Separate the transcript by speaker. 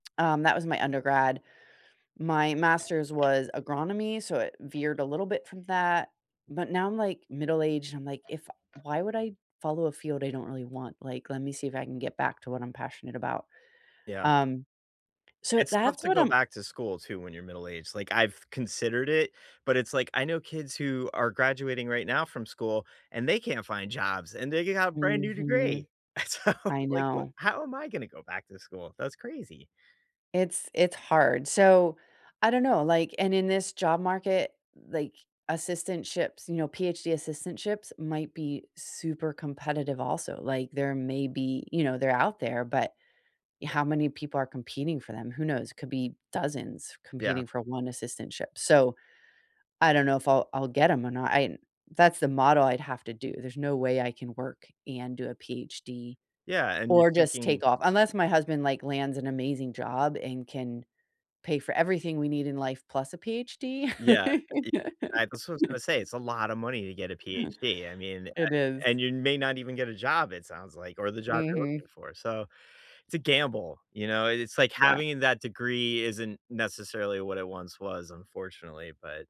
Speaker 1: Um, that was my undergrad. My master's was agronomy, so it veered a little bit from that. But now I'm, like, middle aged and I'm, like, if why would I follow a field I don't really want? Like, let me see if I can get back to what I'm passionate about.
Speaker 2: Yeah.
Speaker 1: Um. So
Speaker 2: It's tough
Speaker 1: that's
Speaker 2: to
Speaker 1: what
Speaker 2: go
Speaker 1: I'm
Speaker 2: back to school too when you're middle aged. Like, I've considered it, but it's, like, I know kids who are graduating right now from school, and they can't find jobs, and they got a brand new
Speaker 1: Mhm.
Speaker 2: degree. So,
Speaker 1: I
Speaker 2: like, what
Speaker 1: know.
Speaker 2: how am I gonna go back to school? That's crazy.
Speaker 1: It's it's hard. So I don't know, like, and in this job market, like, assistantships, you know, PhD assistantships might be super competitive also. Like, there may be you know, they're out there, but y how many people are competing for them, who knows? Could be dozens
Speaker 2: Yeah.
Speaker 1: competing for one assistantship. So I don't know if I'll I'll get 'em or not. I that's the model I'd have to do. There's no way I can work and do a PhD
Speaker 2: Yeah. And you're
Speaker 1: or just
Speaker 2: thinking.
Speaker 1: take off. Unless my husband, like, lands an amazing job and can pay for everything we need in life plus a PhD.
Speaker 2: Yeah. E I that's was gonna say it's a lotta money to get a PhD. I mean a
Speaker 1: It is.
Speaker 2: and you may not even get a job, it sounds, like, or the job you're looking
Speaker 1: Mhm.
Speaker 2: for. So it's a gamble. You know? It's like
Speaker 1: Yeah.
Speaker 2: having that degree isn't necessarily what it once was, unfortunately. But